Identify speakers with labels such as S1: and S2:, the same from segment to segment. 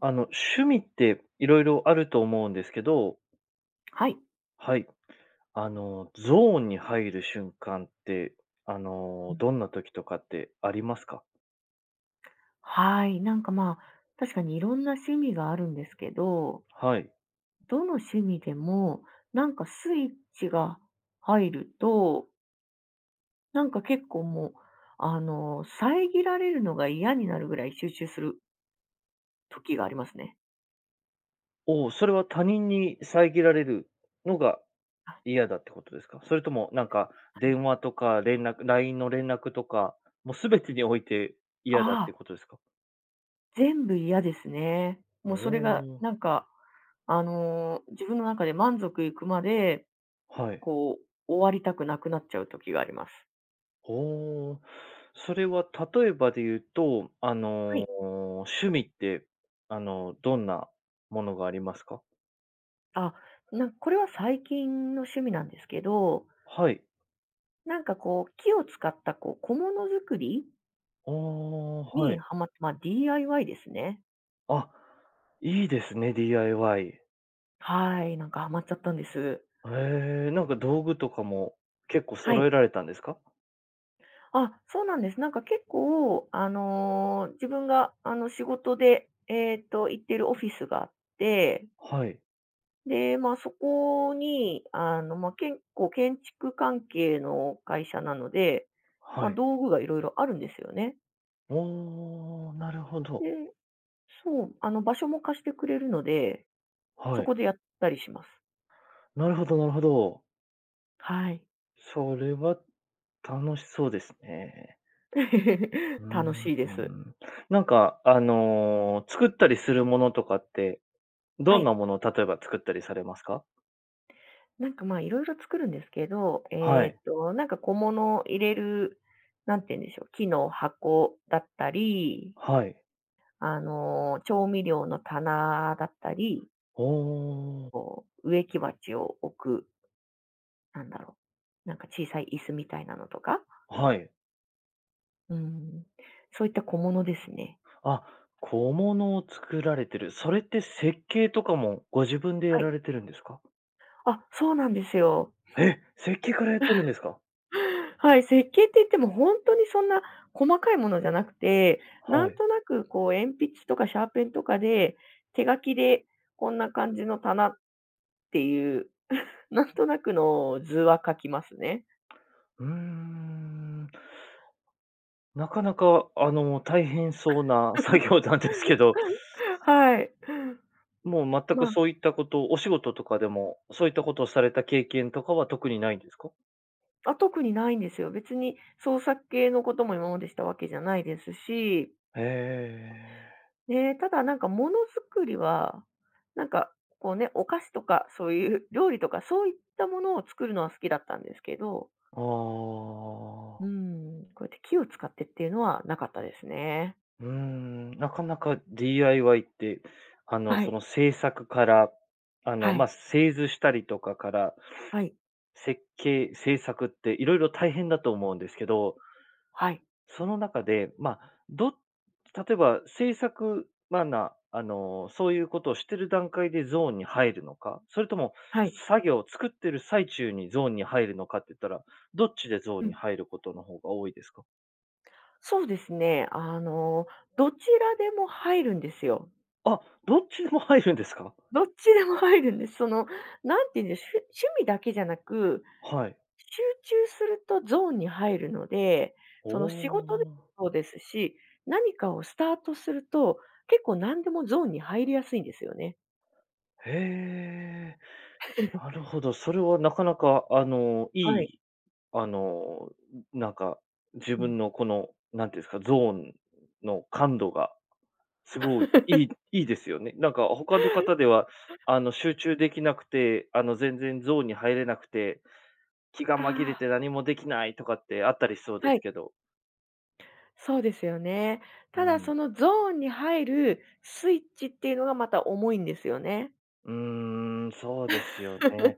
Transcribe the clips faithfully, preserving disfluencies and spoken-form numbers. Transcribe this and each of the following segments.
S1: あの、趣味って色々あると思うんですけど。
S2: はい。
S1: はい。あの、ゾーンに入る瞬間って、あの、どんな時とかってありますか？
S2: はい、なんかま、確かに色んな趣味があるんですけど
S1: はい。
S2: どの趣味でも、なんかスイッチが入るとなんか結構、もうあの、遮られるのが嫌になるぐらい集中する時がありますね。
S1: おお。それは、他人に遮られるのが
S2: あ。
S1: 嫌だってことですか？それともなんか、
S2: はい。
S1: 電話とか連絡 LINE の連絡とか、もう全てにおいて嫌だって
S2: ああ
S1: ことですか？
S2: 全部嫌ですね。
S1: お
S2: もうそれが、
S1: お。
S2: なんかあの、自分の中で満足いくまで、
S1: はい。
S2: こう、終わりたくなくなっちゃう時があります。
S1: おお。それは例えばで言うと、あ
S2: は
S1: の、
S2: い。
S1: 趣味って、あの、どんなものがありますか？
S2: あ、なんこれは最近の趣味なんですけど
S1: はい。
S2: なんかこう、木を使った、こう小物作り
S1: ああ、は
S2: に
S1: い。
S2: ハマま、DIY ですね。
S1: あ、いいですね、DIY。
S2: はい、なんかハマっちゃったんです。
S1: へえ、なんか道具とかも結構
S2: は
S1: 揃え
S2: い。
S1: られたんですか？
S2: あ、そうなんです。なんか結構、あの自分が、あの仕事で、えっと、行ってるオフィスがあって
S1: はい。
S2: で、ま、そこに、あの、ま、結構、建築関係の会社なので、
S1: は
S2: ま、
S1: い。
S2: 道具が色々あるんですよね。
S1: おお、なるほど。
S2: で、そう、あの場所も貸してくれるので、そ
S1: はい。
S2: こでやったりします。
S1: なるほど、なるほど。
S2: はい。
S1: それは楽しそうですね。うー ん。
S2: 楽しいです。
S1: なんかあの、作ったりするものとかって、
S2: は
S1: どん
S2: い。
S1: なものを例えば作ったりされますか？
S2: なんかまあいろいろ作るんですけど、
S1: は
S2: え
S1: い。
S2: っとなんか小物を入れる、なんていうんでしょう、木の箱だったり
S1: はい。
S2: あの調味料の棚だったり
S1: ほお。
S2: こう植木鉢を置くなんだろう、なんか小さい椅子みたいなのとか。
S1: はい。
S2: うーん。そういった小物ですね。
S1: あ、小物を作られてる。それって設計とかもご自分でや
S2: はい。
S1: られてるんですか？
S2: あ、そうなんですよ。
S1: え！設計からやってるんですか？
S2: はい、設計って言ってもほんとにそんな細かいものじゃなくて、な
S1: は
S2: ん
S1: い。
S2: となくこう鉛筆とかシャーペンとかで、手書きでこんな感じの棚っていう、なんとなくの図は書きますね。
S1: うーん。なかなかあの大変そうな作業なんですけど。
S2: はい。
S1: もう全く
S2: ま。
S1: そういったこと、お仕事とかでも、そういったことをされた経験とかは特にないんですか？
S2: あ、特にないんですよ。別に創作系のことも今までしたわけじゃないですし。
S1: へえ。
S2: ね、ただなんか、ものづくりは、なんかこうね、お菓子とかそういう料理とか、そういったものを作るのは好きだったんですけど。
S1: ああ。
S2: うーん、こやって木を使ってっていうのはなかったですね。
S1: うーん、なかなか DIY ってあの、
S2: は
S1: そ
S2: い。
S1: の製作から、あの
S2: は
S1: ま、
S2: い。
S1: 製図したりとかから、
S2: はい。
S1: 設計、製作って色々大変だと思うんですけど、
S2: はい。
S1: その中でま、ど例えば製作、まな、あの、そういうことをしてる段階でゾーンに入るのか、それとも
S2: はい。
S1: 作業を作っている最中にゾーンに入るのかって言ったら、どっちでゾー
S2: う
S1: ンに
S2: ん。
S1: 入ることの方が多いですか？
S2: そうですね、あのどちらでも入るんですよ。
S1: あ、どっちでも入るんですか？
S2: どっちでも入るんです。その何て言うんでしゅ趣味だけじゃなく、
S1: はい。
S2: 集中するとゾーンに入るので、
S1: お
S2: その仕事で
S1: お。
S2: もそうですし、何かをスタートすると、結構何でもゾーンに入りやすいんですよね。
S1: へえ、なる ほど、それはなかなかあの、い
S2: はい。
S1: い、あの、んなんか、自
S2: うん。
S1: 分のこの、なんて言うんすか、ゾーンの感度がすごい、いい いいですよね。なんか他の方ではあの、集中できなくて、あの、全然ゾーンに入れなくて、気が
S2: あ
S1: 紛れて
S2: あ。
S1: 何もできないとかってあったりしそうで
S2: は
S1: す
S2: い。
S1: けど。
S2: そうですよね。
S1: う
S2: ただ
S1: ん。
S2: そのゾーンに入るスイッチっていうのがまた重いんですよね。
S1: うーん、そうですよね。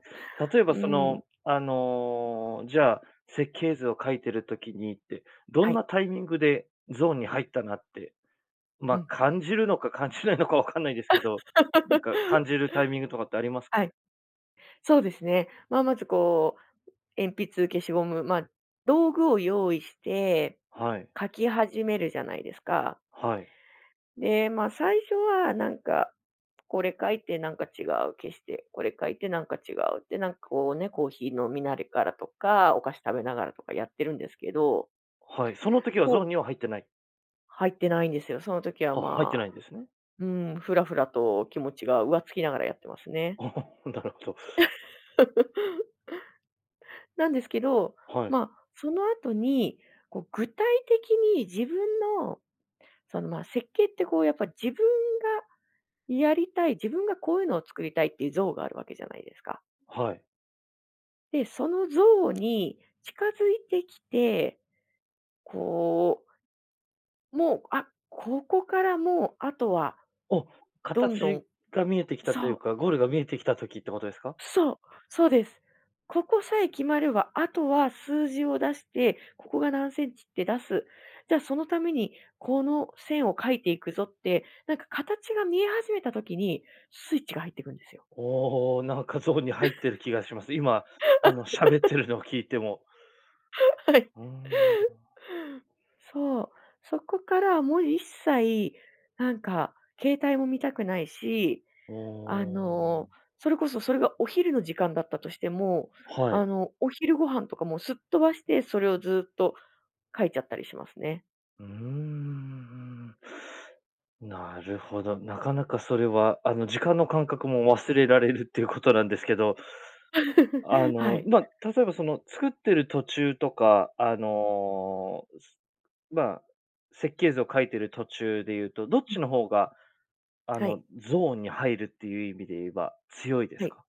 S1: 例え ば
S2: う
S1: そ
S2: ん。
S1: のあの、じゃあ、設計図を描いてる時にって、ど
S2: は
S1: んな
S2: い。
S1: タイミングでゾーンに入ったなって、
S2: う
S1: ま、
S2: ん。
S1: 感じるのか感じないのか分かんないですけど、んか感じ るタイミングとかってあります？
S2: はい。そうですね、まあ、まずこう鉛筆、消しゴム、ま、道具を用意して
S1: はい。
S2: 書き始めるじゃないですか。
S1: はい。
S2: で、ま、最初は何かこれ書いてなんか違う、消して、これ書いてなんか違うってなんかこうね、コーヒー飲みなりがらとか、お菓子食べながらとかやってるんですけど。
S1: はい。その時には
S2: こ
S1: ゾー
S2: う
S1: ンには入ってない？
S2: 入ってないんですよ、その時は
S1: あ、入って
S2: まあ
S1: ないんですね。
S2: うん、ふらふらと気持ちが浮つきながらやってますね。
S1: お、なるほど。
S2: なんですけど、
S1: はい。
S2: ま、その後に、こう、具体的に自分のそのまあ、設計ってこうやっぱ自分がやりたい、自分がこういうのを作りたいっていう像があるわけじゃないですか。
S1: はい。
S2: で、その像に近づいてきて、こう、もう、あ、ここからもうあとは
S1: お、
S2: どんど
S1: 形
S2: ん
S1: が見えてきたとい
S2: そ
S1: う
S2: う。
S1: か、ゴールが見えてきた時ってことですか？
S2: そう。そうです。ここさえ決まれば、後は数字を出して、ここが何センチって出す、じゃそのためにこの線を描いていくぞって、なんか形が見え始めた時にスイッチが入ってくんですよ。
S1: おお、なんかゾーンに入って る気がします、今、あの喋って るのを聞いても。
S2: はい。
S1: うーん。
S2: そう、そこからもう一切なんか携帯も見たくないし、
S1: お
S2: あの、
S1: お。
S2: それこそそれがお昼の時間だったとしても、
S1: はい。
S2: あの、お昼ご飯とかもうすっ飛ばして、それをずっと描いちゃったりしますね。
S1: うーん、うん。なるほど。なかなかそれはあの、時間の感覚も忘れられるっていうことなんですけどあ
S2: は
S1: の、
S2: い。
S1: ま、たとえばその作ってる途中とか、あの、まあ設計図を書いてる途中で言うとどっ
S2: う
S1: ち
S2: ん。
S1: の方が、あ
S2: はい。
S1: のゾーンに入るっていう意味で言えば強いです
S2: はい。
S1: か？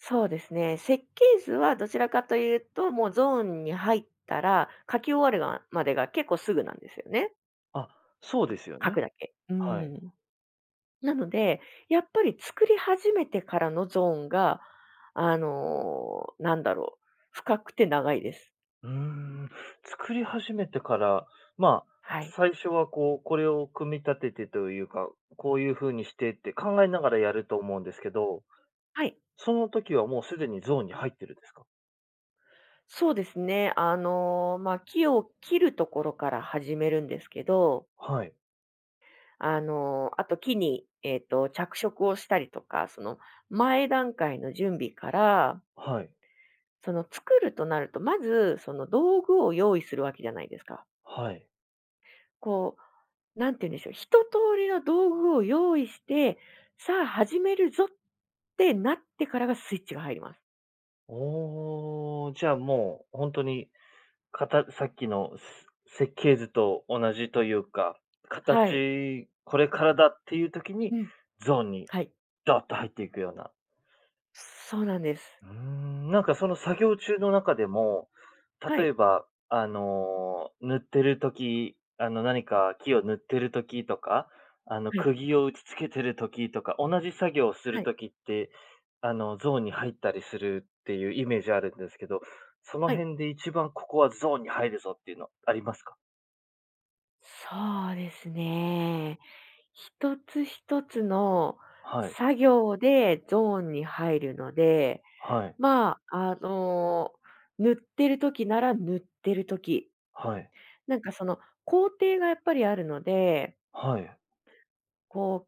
S2: そうですね、設計図はどちらかというと、もうゾーンに入ったら書き終わるがまでが結構すぐなんですよね。
S1: あ、そうですよ
S2: 描く
S1: ね。
S2: だけうー
S1: はい。
S2: ん。なので、やっぱり作り始めてからのゾーンがあの、なんだろう、深くて長いです。
S1: うーん。作り始めてから、ま、
S2: はい。
S1: 最初はこう、これを組み立ててというか、こういう風にしてって考えながらやると思うんですけど、
S2: はい。
S1: その時はもう、すでにゾーンに入ってるんですか？
S2: そうですね。あのま、木を切るところから始めるんですけど
S1: はい。
S2: あの、あと木にえっと、着色をしたりとか、その前段階の準備から
S1: はい。
S2: その、作るとなると、まずその道具を用意するわけじゃないですか。
S1: はい。
S2: こう、何て言うんでしょう、一通りの道具を用意して、さあ始めるぞってなってからがスイッチが入ります。
S1: おお。じゃあもうほんとに、かたさっきのす設計図と同じというか、
S2: はい。
S1: 形これからだっていう時に、
S2: うん。
S1: ゾーンに、
S2: はい。
S1: どっと入っていくような。
S2: そうなんです。
S1: うーん、なんかその作業中の中でも、
S2: は
S1: 例
S2: い。
S1: えばあの、塗ってる時、あの何か木を塗ってる時とか、あの
S2: はい。
S1: 釘を打ちつけてる時とか、同じ作業をす
S2: は
S1: る
S2: い。
S1: 時って、あのゾーンに入ったりするっていうイメージあるんですけど、その
S2: はい。
S1: 辺で一番ここはゾーンに入るぞっていうのありますか？
S2: そうですね。一つ一つの
S1: はい。
S2: 作業でゾーンに入るので、
S1: はい。
S2: まあ、あの塗ってる時なら塗ってる時、
S1: はい。
S2: なんかその工程がやっぱりあるので
S1: はい。
S2: こう、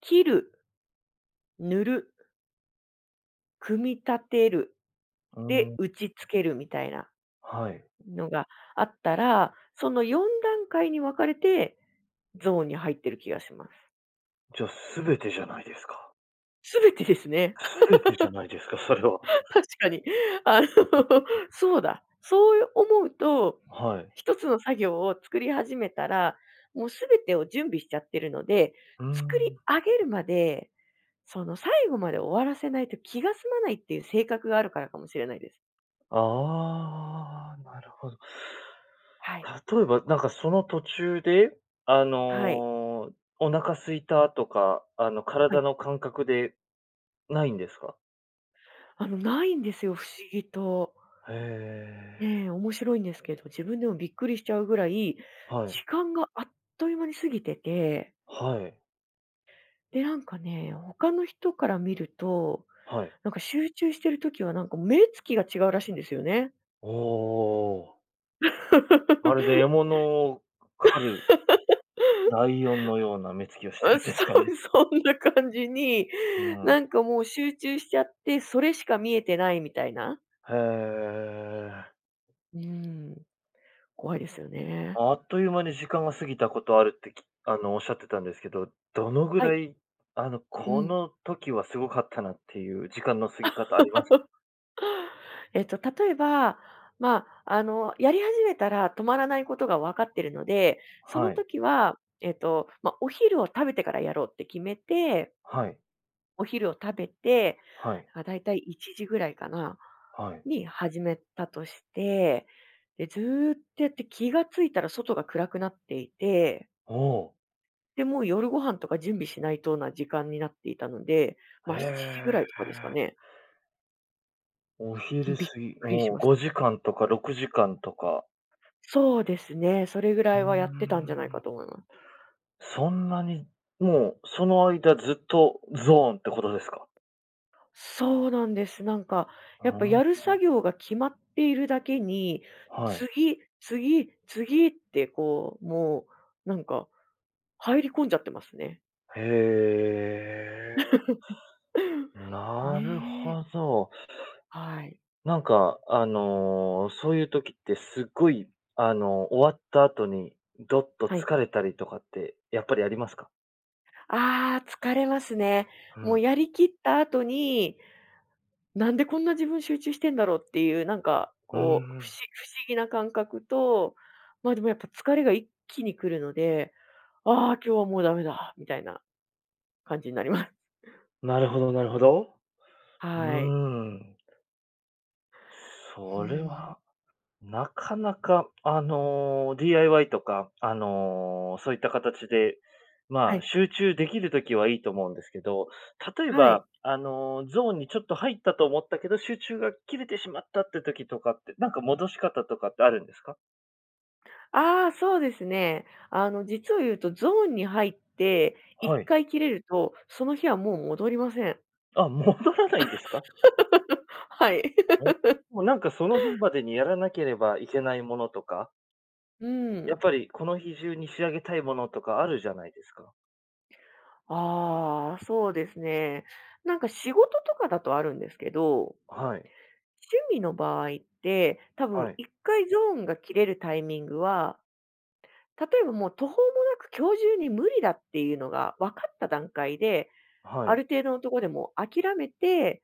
S2: 切る塗る組み立てる。
S1: う
S2: で、
S1: ん。
S2: 打ち付ける、みたいな
S1: はい。
S2: のがあったら、そのよんだんかいに分かれてゾーンに入っている気がします。
S1: じゃ、全てじゃないですか。
S2: 全てですね。
S1: 全てじゃないですか、それは。
S2: 確かに。あの、そうだ。そう思うと、
S1: はい。
S2: 一つの作業を作り始めたら、もう全てを準備しちゃってるので、
S1: うー
S2: 作り
S1: ん。
S2: 上げるまでその最後まで終わらせないと、気が済まないっていう性格があるからかもしれないです。
S1: ああ。なるほど。
S2: はい。
S1: 例えば、なんかその途中で、あ
S2: はい。
S1: の、お腹空いたとか、あの、
S2: はい。
S1: 体の感覚でないんですか？
S2: あの、ないんですよ、不思議と。
S1: へえ。
S2: ね、面白いんですけど、自分でもびっくりしちゃうぐらい、
S1: はい。
S2: 時間があっという間に過ぎてて
S1: はい。
S2: で、なんかね、他の人から見ると、
S1: はい。
S2: なんか集中してる時は、何か目つきが違うらしいんですよね。
S1: おお。まるで獲 物を狩る、ライオンのような目つきをしてる
S2: あ、
S1: んですか
S2: そ
S1: ね。
S2: う。そんな感じに、
S1: うん。
S2: なんかもう集中しちゃって、それしか見えてないみたいな。
S1: へえ。
S2: うーん。怖いですよね。
S1: あっという間に時間が過ぎたことあるって、きあのおっしゃってたんですけど、どのぐ
S2: は
S1: ら
S2: い。
S1: い、あの、
S2: う
S1: こ
S2: ん。
S1: の時はすごかったなっていう時間の過ぎ 方ありましたか？
S2: えっと例えば、まあ、あのやり始めたら止まらないことがわかってるので、その
S1: はい。
S2: 時は、えっとま、お昼を食べてからやろうって決めて
S1: はい。
S2: お昼を食べて、
S1: はい。
S2: ま、大体、いちじぐらいかな？
S1: はい。
S2: に始めたとして、で、ずっとやって気がついたら外が暗くなっていて
S1: おお。
S2: で、もう夜ご飯とか準備しないとな時間になっていたので、
S1: へ
S2: ま、しちじぐらいとかですか
S1: え。
S2: ね。
S1: お
S2: ん、
S1: 昼
S2: びっ
S1: 過ぎ
S2: くりし
S1: もう
S2: まし
S1: ご
S2: た。
S1: じかんとかろくじかんとか？
S2: そうですね。それぐら
S1: うー
S2: いはやってたんじゃないか
S1: ん。
S2: と思うな。
S1: そんなに、もうその間ずっとゾーンってことですか？
S2: そうなんです。なんか
S1: あ
S2: やっぱやる作
S1: あ。
S2: 業が決まっているだけに、
S1: はい。
S2: 次、次、次ってこう、もうなんか入り込んじゃってますね。
S1: へえ。なる
S2: ね。
S1: ほど。
S2: はい。
S1: なんか、あの、そういう時ってすごい、あの、終わった後に、どっと
S2: はい。
S1: 疲れたりとかって、やっぱりありますか？
S2: ああ、疲れますね。
S1: う
S2: もう
S1: ん。
S2: やり切った後に、なんでこんな自分集中してんだろうっていう、なんか
S1: うー
S2: こう、ふし
S1: ん。
S2: 不思議な感覚と、までもやっぱ疲れが一気に来るので、「ああ今日はもうダメだ」みたいな、感じになります。
S1: なるほど、なるほど。うー
S2: はい。
S1: ん。
S2: うー
S1: それ
S2: ん。
S1: は、なかなかあの、DIY とかあの、そういった形で、
S2: は
S1: ま、
S2: い。
S1: 集中できる時はいいと思うんですけど、例え
S2: はい。
S1: ばあの、ゾーンにちょっと入ったと思ったけど集中が切れてしまったって時とかって、なんか戻し方とかってあるんですか？
S2: ああ、そうですね。あの実を言うとゾーンに入ってい
S1: は
S2: っ
S1: い。
S2: かい切れると、その日はもう戻りません。
S1: あ、戻らないんですか？
S2: はい。
S1: もうなんかその日までにやらなければいけないものとか？
S2: う
S1: やっ
S2: ん。
S1: ぱり、この日中に仕上げたいものとかあるじゃないですか。
S2: ああ、そうですね。なんか仕事とかだとあるんですけど
S1: はい。
S2: 趣味の場合って、多分
S1: はい。
S2: いっかいゾーンが切れるタイミングは、例えば、もう途方もなく、今日中に無理だっていうのがわかった段階で、
S1: は
S2: あ
S1: い。
S2: る程度のところで、もう諦めて、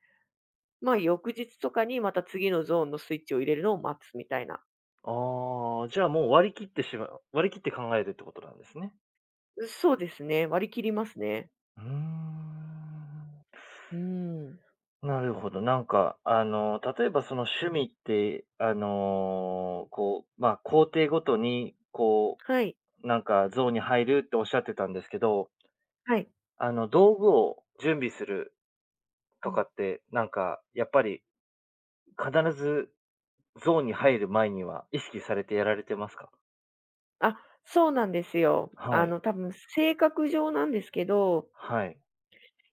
S2: ま、翌日とかにまた、次のゾーンのスイッチを入れるのを待つみたいな。
S1: ああ。じゃあ、もう割り切ってしま割り切って考えるってことなんですね。
S2: う、そうですね。割り切りますね。
S1: うーん。
S2: うーん。
S1: なるほど。なんかあの、例えば、その、趣味って、あの、こうま、工程ごとに、こ
S2: はい。
S1: う、なんかゾーンに入るっておっしゃってたんですけど
S2: はい。
S1: あの、道具を準備する
S2: う
S1: とか
S2: ん。
S1: って、なんか、やっぱり、必ずゾーンに入る前には意識されてやられてますか？
S2: あ、そうなんですよ。あ
S1: はい。
S2: の多分性格上なんですけど
S1: はい。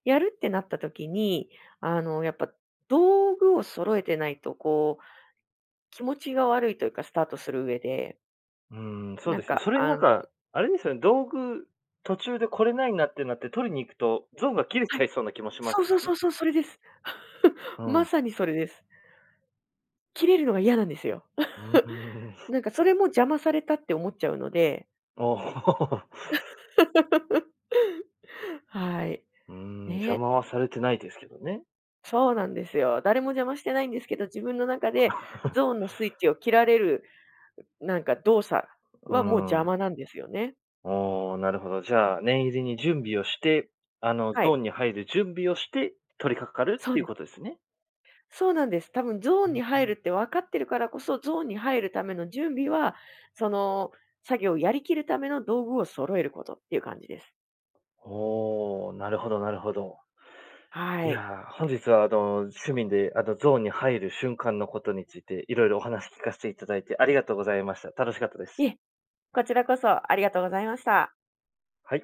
S2: やるってなった時に、あのやっぱ道具を揃えてないとこう気持ちが悪いというか、スタートする上で。
S1: うん、そう
S2: なん
S1: ですよ、
S2: か、
S1: それに
S2: あ
S1: なん
S2: ん
S1: か、あれですよね、道具途中でこれ無いなってなって取りに行くと、ゾーンが切れ
S2: は
S1: ちゃ
S2: い。
S1: いそうな気もしま
S2: そ
S1: す
S2: う
S1: で
S2: そう
S1: す
S2: そ
S1: ね。
S2: うそう、それです。
S1: う
S2: ま
S1: ん。
S2: さにそれです。切れるのが嫌なんですよ。
S1: うー ん。
S2: なんかそれも邪魔されたって思っちゃうので。はい。
S1: うん、邪
S2: ね。
S1: 魔はされてないですけどね。
S2: そうなんですよ。誰も邪魔してないんですけど、自分の中で ゾーンのスイッチを切られる、なんか動作
S1: う
S2: はもう邪
S1: ん。
S2: 魔なんですよね。
S1: あ、なるほど。じゃあ、念入りに準備をして、あの
S2: は
S1: ゾー
S2: い。
S1: ンに入る準備をして、取り掛かるっ
S2: そう
S1: ていう
S2: で
S1: ことですね。
S2: そうなんです。多分ゾー
S1: う
S2: ンに入る
S1: ん。
S2: ってわかってるからこそ、ゾーンに入るための準備は、その作業をやり切るための道具を揃えることっていう感じです。
S1: お、なるほど、なるほど。い
S2: はい。
S1: やあ、本日はあの趣味であのゾーンに入る瞬間のことについて色々お話聞かせていただいてありがとうございました。楽しかったです。
S2: いえ、こちらこそありがとうございました。
S1: はい。